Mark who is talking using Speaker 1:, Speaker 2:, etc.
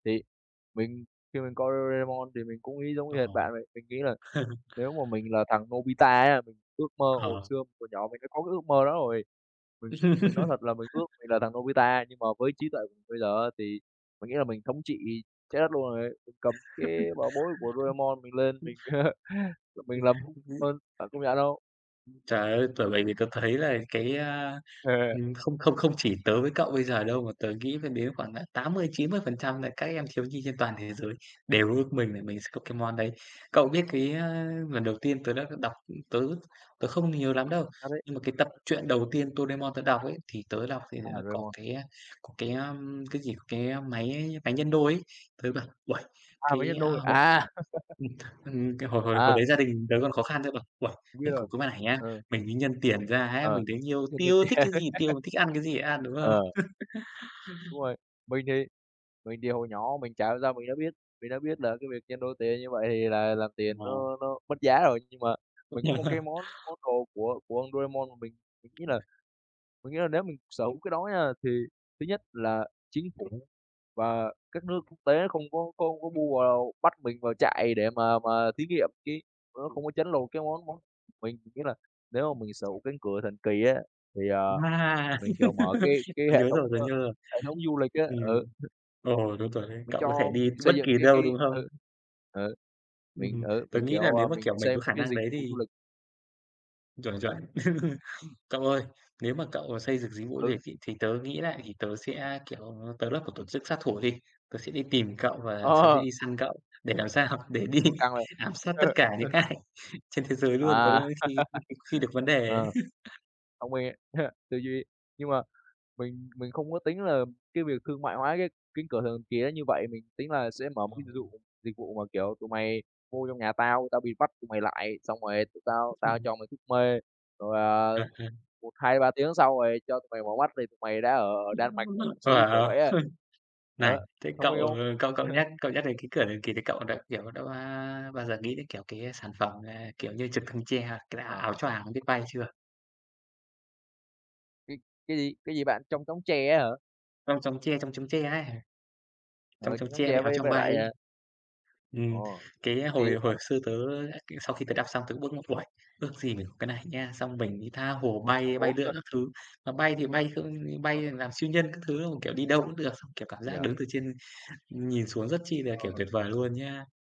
Speaker 1: Thì mình khi mình coi Doraemon thì mình cũng nghĩ giống y hệt
Speaker 2: Ồ!
Speaker 1: bạn vậy. Mình nghĩ là nếu mà mình là thằng Nobita á, mình ước mơ hồi
Speaker 2: Ờ.
Speaker 1: xưa hồi nhỏ mình đã có cái ước mơ đó rồi. Mình mình nói thật là mình ước mình là thằng Nobita nhưng mà với trí tuệ bây giờ á thì mình nghĩ là mình thống trị trái đất luôn rồi. Mình cầm cái bảo bối của Doremon mình lên
Speaker 2: Ừm, ừm.
Speaker 1: mình
Speaker 2: Ừm,
Speaker 1: mình làm [unintelligible] bạn công nhận không?
Speaker 2: Trời ơi! Bởi vậy thì tớ thấy là cái, a,
Speaker 1: Ừ.
Speaker 2: ừm, không không không chỉ tớ với cậu bây giờ đâu, mà tớ nghĩ phải đến khoảng, à, 80-90% nà các em thiếu nhi trên toàn thế giới đều ước mình là mình sẽ có cái món đấy. Cậu biết cái, a, lần đầu tiên tớ đã đ đọc ưm, tớ tớ không thấy nhớ lắm đâu,
Speaker 1: À, đấy.
Speaker 2: nhưng mà cái tập truyện đầu tiên Doremon tớ đọc ấy, thì tớ đọc thì
Speaker 1: À,
Speaker 2: nó có
Speaker 1: Doraemon.
Speaker 2: cái, a, có cái, ưm, cái gì, cái, ơ, máy máy nhân đôi ấy. Tớ bảo, uầy,
Speaker 1: À, Máy
Speaker 2: cái,
Speaker 1: nhân
Speaker 2: a,
Speaker 1: đôi,
Speaker 2: hội
Speaker 1: à!
Speaker 2: ừm, ừm cái hồi hồi hồi
Speaker 1: À.
Speaker 2: đấy gia đình tớ còn khó khăn tớ bảo: "Uầy!
Speaker 1: Biết
Speaker 2: Mình
Speaker 1: rồi,
Speaker 2: có cái máy này nhá,
Speaker 1: ờ.
Speaker 2: mình đi nhân tiền ra á,
Speaker 1: Ờ.
Speaker 2: mình thấy nhiều,
Speaker 1: Chưa kịp
Speaker 2: tiêu thích cái gì tiêu, thích ăn cái gì ăn", đúng không?
Speaker 1: Ờ. Đúng rồi, mình thì mình thì hồi nhỏ mình chả hiểu sao mình đã biết mình đã biết là cái việc nhân đôi tiền như vậy thì là làm tiền
Speaker 2: Ờ.
Speaker 1: nó nó mất giá rồi, nhưng mà
Speaker 2: Cũng
Speaker 1: mình có
Speaker 2: đều
Speaker 1: một
Speaker 2: ha.
Speaker 1: cái món món đồ của của Doremon mà mình mình nghĩ là mình nghĩ là nếu mình sở hữu cái đó nha thì thứ nhất là chính phủ và các nước quốc tế không có có có bu vào bắt mình vào trại để mà mà thí nghiệm cái tụi nó
Speaker 2: Ừm.
Speaker 1: không có trấn lột cái món món của mình. Nghĩa là nếu mà mình sở hữu cánh cửa thần kỳ á, thì, à,
Speaker 2: Wow!
Speaker 1: mình, kiểu, mở cái cái
Speaker 2: Tớ
Speaker 1: hệ
Speaker 2: nhớ
Speaker 1: thống,
Speaker 2: rồi, tớ
Speaker 1: ơ,
Speaker 2: nhớ rồi.
Speaker 1: hệ thống du lịch á, ừ.
Speaker 2: Ừm. Ồ, đúng rồi đấy,
Speaker 1: Mình
Speaker 2: cậu có thể
Speaker 1: cho
Speaker 2: đi
Speaker 1: mình
Speaker 2: t bất
Speaker 1: xây dựng
Speaker 2: kỳ
Speaker 1: cái
Speaker 2: đâu
Speaker 1: cái
Speaker 2: đúng hông?
Speaker 1: ừ, ừ.
Speaker 2: Ừm,
Speaker 1: Mình,
Speaker 2: ừm,
Speaker 1: ừ,
Speaker 2: tớ
Speaker 1: mình,
Speaker 2: nghĩ là
Speaker 1: kiểu, ờ,
Speaker 2: nếu mà,
Speaker 1: mình
Speaker 2: kiểu, mình có
Speaker 1: xem
Speaker 2: khả
Speaker 1: cái
Speaker 2: năng
Speaker 1: dịch
Speaker 2: đấy
Speaker 1: vụ du
Speaker 2: thì
Speaker 1: lịch.
Speaker 2: Chuẩn, chuẩn. Cậu ơi, nếu mà cậu, ờ, xây dựng dịch vụ du
Speaker 1: Ừ.
Speaker 2: lịch ấy, thì tớ nghĩ lại thì tớ sẽ, kiểu, tớ lập một tổ chức sát thủ đi, tớ sẽ đi tìm cậu và tớ sẽ
Speaker 1: Ờ.
Speaker 2: đi săn cậu, để làm sao? Để đi
Speaker 1: Ôi, căng vậy.
Speaker 2: ám sát tất cả những ai trên thế giới
Speaker 1: À.
Speaker 2: luôn có [unintelligible] khi khi được vấn đề ấy.
Speaker 1: Ờ. Thông minh, tư duy, nhưng mà mình mình không có tính là cái việc thương mại hóa cái Cánh cửa thần kỳ nó như vậy. Mình tính là sẽ mở
Speaker 2: À,
Speaker 1: một cái dịch
Speaker 2: ừ.
Speaker 1: dụ dịch vụ mà, kiểu, tụi mày vô trong nhà tao, tao bịt mắt tụi mày lại xong rồi tụi tao tao
Speaker 2: Ừm.
Speaker 1: cho mày thuốc mê. Rồi, à,
Speaker 2: À, à.
Speaker 1: 1, 2, 3 tiếng sau rồi cho tụi mày mở bắt thì tụi mày đã ở
Speaker 2: Wow!
Speaker 1: Đan Mạch, ở Thụy Sĩ, kiểu vậy á.
Speaker 2: Này,
Speaker 1: Ờ,
Speaker 2: thế
Speaker 1: thông
Speaker 2: cậu,
Speaker 1: minh không?
Speaker 2: ờ, cậu cậu nhắc cậu nhắc đến cái Cửa thần kỳ thì cậu đã, kiểu, đã ba bao giờ nghĩ đến, kiểu, cái sản phẩm, ờ, kiểu như, Trực thăng tre, cái đa
Speaker 1: Ờ,
Speaker 2: Áo
Speaker 1: ờ.
Speaker 2: choàng biết bay chưa?
Speaker 1: Cái cái gì? Cái gì bạn? Chong chóng tre á hả?
Speaker 2: Chong chóng tre, Chong chóng tre ấy. Chong
Speaker 1: Ờ,
Speaker 2: chóng
Speaker 1: Chong chóng
Speaker 2: tre với
Speaker 1: tre
Speaker 2: Áo
Speaker 1: với
Speaker 2: choàng
Speaker 1: với
Speaker 2: bay
Speaker 1: lại,
Speaker 2: ấy.
Speaker 1: à
Speaker 2: Ừm,
Speaker 1: Ồ,
Speaker 2: cái
Speaker 1: thì
Speaker 2: hồi hồi xưa tớ á cái sau khi tớ đọc xong tớ cũng ước mơ: "Uầy, ước gì mình có cái này nha, xong mình đi tha hồ
Speaker 1: Cũng không
Speaker 2: bay bay
Speaker 1: muốn
Speaker 2: lượn các thứ." Mà bay thì bay không như
Speaker 1: Ờ.
Speaker 2: bay làm siêu nhân các thứ, đúng không? Kiểu, đi đâu cũng được, xong, kiểu, cảm
Speaker 1: Bây
Speaker 2: giác
Speaker 1: giờ
Speaker 2: đứng từ trên nhìn xuống rất chi nà, kiểu,
Speaker 1: Ờ.
Speaker 2: tuyệt vời luôn nhá.